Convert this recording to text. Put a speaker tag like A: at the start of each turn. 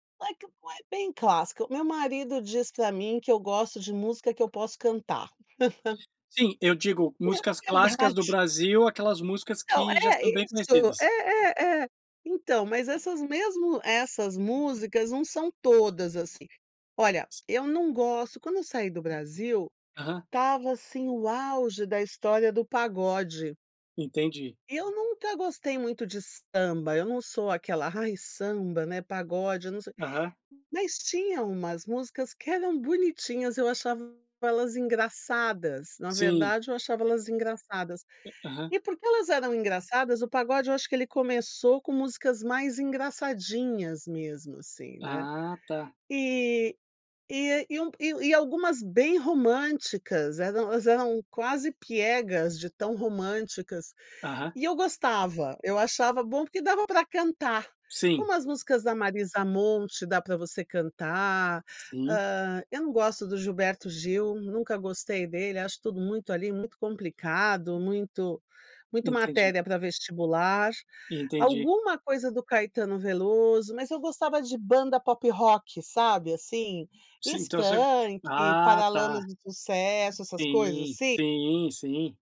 A: Como é que po bem clássica. O meu marido diz pra mim que eu gosto de música que eu posso cantar.
B: Sim, eu digo músicas
A: É
B: clássicas do
A: verdade.
B: Brasil, aquelas músicas
A: Então,
B: que já
A: é
B: são bem
A: isso, é,
B: conhecidas.
A: é, é. Então mas essas mesmo essas músicas não são todas assim. Olha, eu não gosto, quando eu saí do Brasil,
B: Aham.
A: estava, assim, o auge da história do pagode
B: Entendi.
A: e eu nunca gostei muito de samba, eu não sou aquela: "Ai, samba, né, pagode", eu não so
B: Aham.
A: mas tinha umas músicas que eram bonitinhas, eu achava elas engraçadas, na
B: Sim.
A: verdade eu achava elas engraçadas.
B: A aham.
A: E porque elas eram engraçadas, o pagode eu acho que ele começou com músicas mais engraçadinhas mesmo, assim, né.
B: Ah, tá.
A: E e a e um e e algumas bem românticas, eram elas eram quase piegas de tão românticas
B: Aham.
A: e eu gostava, eu achava bom porque dava pra cantar,
B: Sim.
A: como as músicas da Marisa Monte dá pra você cantar,
B: Sim.
A: hã, eu não gosto do Gilberto Gil, nunca gostei dele, acho tudo muito ali, muito complicado, muito muito
B: Entendi.
A: matéria pra vestibular.
B: Entendi.
A: Alguma coisa do Caetano Veloso, mas eu gostava de banda pop rock, sabe, assim,
B: Sim, então você
A: Skank,
B: ah, tá.
A: Paralamas do Sucesso, essas coisas
B: Sim.
A: assim.
B: Sim, sim.